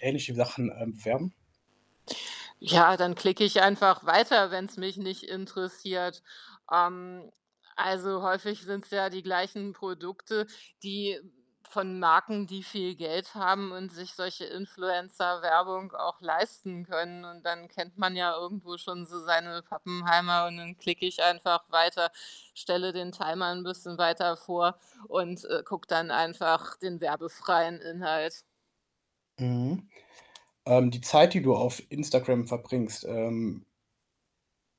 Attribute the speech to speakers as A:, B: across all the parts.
A: Ähnliche Sachen ähm, bewerben?
B: Ja, dann klicke ich einfach weiter, wenn's mich nicht interessiert. Ähm, also häufig sind's ja die gleichen Produkte, die von Marken, die viel Geld haben und sich solche Influencer-Werbung auch leisten können und dann kennt man ja irgendwo schon so seine Pappenheimer und dann klicke ich einfach weiter, stelle den Timer 'n bisschen weiter vor und, äh, gucke dann einfach den werbefreien Inhalt.
A: Mhm, ähm, die Zeit, die du auf Instagram verbringst, ähm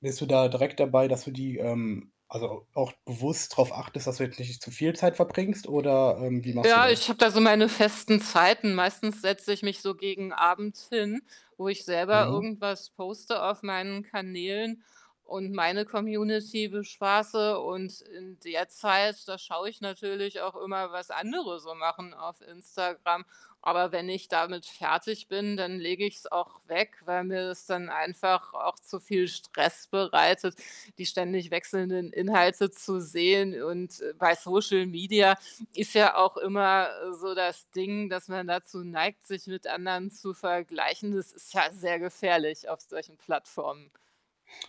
A: bist du da direkt dabei, dass du die, ähm also, auch bewusst drauf achtest, dass du jetzt nicht zu viel Zeit verbringst, oder, ähm, wie
B: Äh,
A: machst du
B: ja, ich
A: das?
B: habe da so meine festen Zeiten. Meistens setze ich mich so gegen abends hin, wo ich selber
A: Mhm.
B: irgendwas poste, auf meinen Kanälen, und meine Community bespaße und in der Zeit, da schaue ich natürlich, auch immer was andere so machen, auf Instagram. Aber wenn ich damit fertig bin, dann lege ich's auch weg, weil mir's dann einfach auch zu viel Stress bereitet, die ständig wechselnden Inhalte zu sehen und, äh, bei Social Media, ist ja auch immer, äh, so das Ding, dass man dazu neigt, sich mit anderen zu vergleichen. Das ist ja sehr gefährlich auf solchen Plattformen.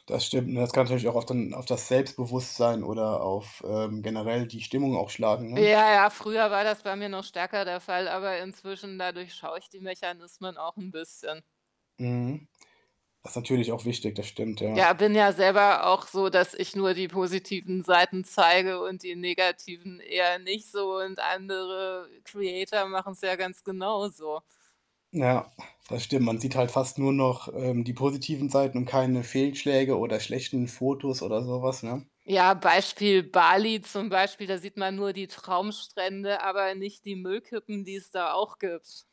A: Das stimmt, ne? Das kann natürlich auch auf den auf das Selbstbewusstsein, oder auf, ähm, generell die Stimmung auch schlagen, ne?
B: Ja, ja, früher war das bei mir noch stärker der Fall, aber inzwischen, da durchschaue ich die Mechanismen auch 'n bisschen.
A: Mhm. Das natürlich auch wichtig, das stimmt, ja.
B: Ja, bin ja selber auch so, dass ich nur die positiven Seiten zeige und die negativen eher nicht so und andere Creator machen's ja ganz genauso.
A: Ja, das stimmt, man sieht halt fast nur noch, ähm, die positiven Seiten und keine Fehlschläge, oder schlechten Fotos, oder so was, ne?
B: Ja, Beispiel Bali, zum Beispiel, da sieht man nur die Traumstrände, aber nicht die Müllkippen, die es da auch gibt.